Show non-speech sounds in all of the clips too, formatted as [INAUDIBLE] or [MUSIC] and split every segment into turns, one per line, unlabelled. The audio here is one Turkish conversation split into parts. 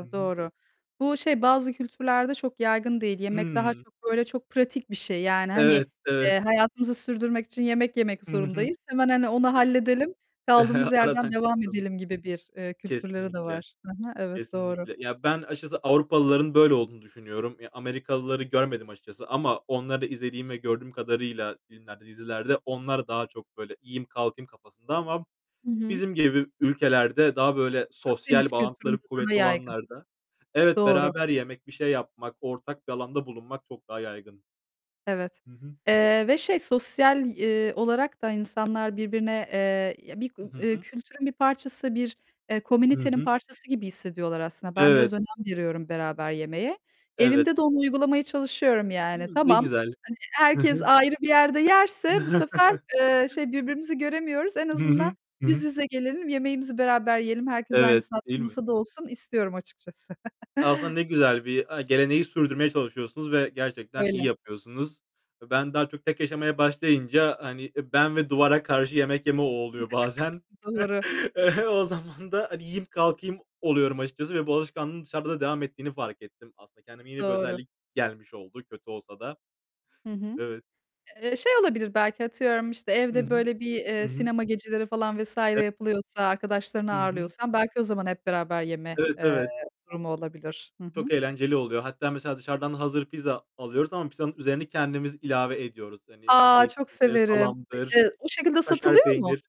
Hı hı.
doğru. Bu şey, bazı kültürlerde çok yaygın değil. Yemek daha
Hıı.
çok, böyle, çok pratik bir şey. Yani, hani,
Evet, evet.
eee, hayatımızı sürdürmek için yemek yemek
Hı hı.
zorundayız. Hemen, hani, onu halledelim, kaldığımız
[GIGGLES]
yerden
Aradan
devam
çıksın.
edelim gibi bir, eee, kültürleri de
Kesinlikle.
var. Hı hı, evet. Doğru.
Kesinlikle. Ya, ben açıkçası Avrupalıların böyle olduğunu düşünüyorum. Ya, Amerikalıları görmedim açıkçası ama onları izlediğim ve gördüğüm kadarıyla filmlerde, dizilerde onlar daha çok, böyle, yiyeyim kalkayım kafasında ama
Hı hı.
bizim gibi ülkelerde daha, böyle, sosyal
Akdeniz
bağlantıları
kültüründe daha
kuvvetli
yaygın.
olanlarda Evet,
Doğru.
beraber yemek, bir şey yapmak, ortak bir alanda bulunmak çok daha yaygın.
Evet.
Hı hı.
Eee, ve şey, sosyal, iii, olarak da insanlar birbirine, eee, ya bir gu
I hı
ııı,
hı.
kültürün bir parçası, bir, eee,
Hı
komünitenin
hı.
parçası gibi hissediyorlar aslında. Ben biraz
Evet.
önem veriyorum beraber yemeğe.
Evet.
Evimde de onu uygulamaya çalışıyorum,
Hı,
yani.
ne
Tamam,
güzel.
hani,
Hı
herkes
hı.
ayrı bir yerde yerse bu sefer, eee,
[CHUCKLES]
şey, birbirimizi göremiyoruz. En
Hı
azından
hı. Hı
yüz
hı.
yüze gelelim, yemeğimizi beraber yiyelim. Herkes aynı
Evet,
saatte
değil mi?
masada olsun istiyorum açıkçası.
Aslında
[GIGGLES]
ne güzel bir, aaa, geleneği sürdürmeye çalışıyorsunuz ve gerçekten iyi
Öyle.
yapıyorsunuz. E, ben daha çok tek yaşamaya başlayınca, hani, eee, ben ve duvara karşı yemek yeme o oluyor bazen.
[CHUCKLES] Doğru.
[CHUCKLES] E, o zaman da, hani, yiyip kalkayım oluyorum açıkçası ve bu alışkanlığın dışarıda da devam ettiğini fark ettim. Aslında kendime yeni bir
Doğru.
özellik gelmiş oldu, kötü olsa da.
Hı hı.
Evet.
Eee, şey olabilir, belki atıyorum, işte,
Hı
evde,
hı.
böyle, bir,
Hı
eee,
hı.
sinema geceleri falan vs.
E
yapılıyorsa, arkadaşlarını
Hı hı.
ağırlıyorsan belki o zaman hep beraber yeme,
Evet.
eee,
Evet.
durumu olabilir. Hı
Çok
hı.
eğlenceli oluyor. Hatta mesela dışarıdan hazır pizza alıyoruz ama pizzanın üzerine kendimiz ilave ediyoruz. Hani,
A, çok
zeytindir,
severim! E
salamdır,
eee, o şekilde
kaşar
satılıyor mu?
peynir.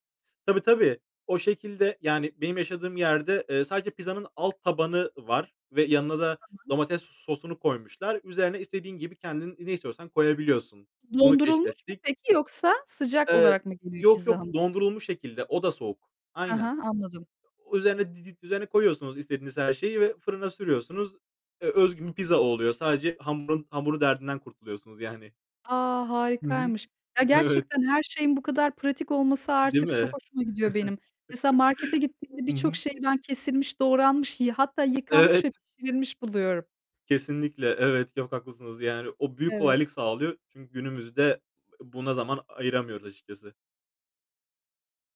Tabii, tabii o şekilde. Yani benim yaşadığım yerde, eee, sadece pizzanın alt tabanı var ve yanına da
Tamam.
domates sosunu koymuşlar. Üzerine istediğin gibi kendin ne istiyorsan koyabiliyorsun. Bunu
Dondurulmuş mu
keşfettik.
peki yoksa sıcak
Eee,
olarak mı geliyor
yok
pizza
yok
hamurun?
dondurulmuş şekilde, o da soğuk.
He he,
Aynen.
anladım.
O üzerine didit üzerine koyuyorsunuz her şeyi ve fırına sürüyorsunuz. E, özgün bir pizza oluyor. Sadece hamurun, hamur derdinden kurtuluyorsunuz yani.
A,
Hı hı.
harikaymış! Ya,
Evet.
gerçekten her şeyin bu kadar pratik olması
Değil
artık çok
mi?
hoşuma gidiyor benim. Mesela markete gittiğimde
[CHUCKLES] Hı
birçok
hı.
şeyi ben kesilmiş, doğranmış, yı hatta yıkanmış ve
Evet.
pişirilmiş buluyorum.
Kesinlikle, evet. Çok haklısınız. Yani o büyük
Evet.
kolaylık sağlıyor. Çünkü günümüzde e buna zaman ayıramıyoruz açıkçası.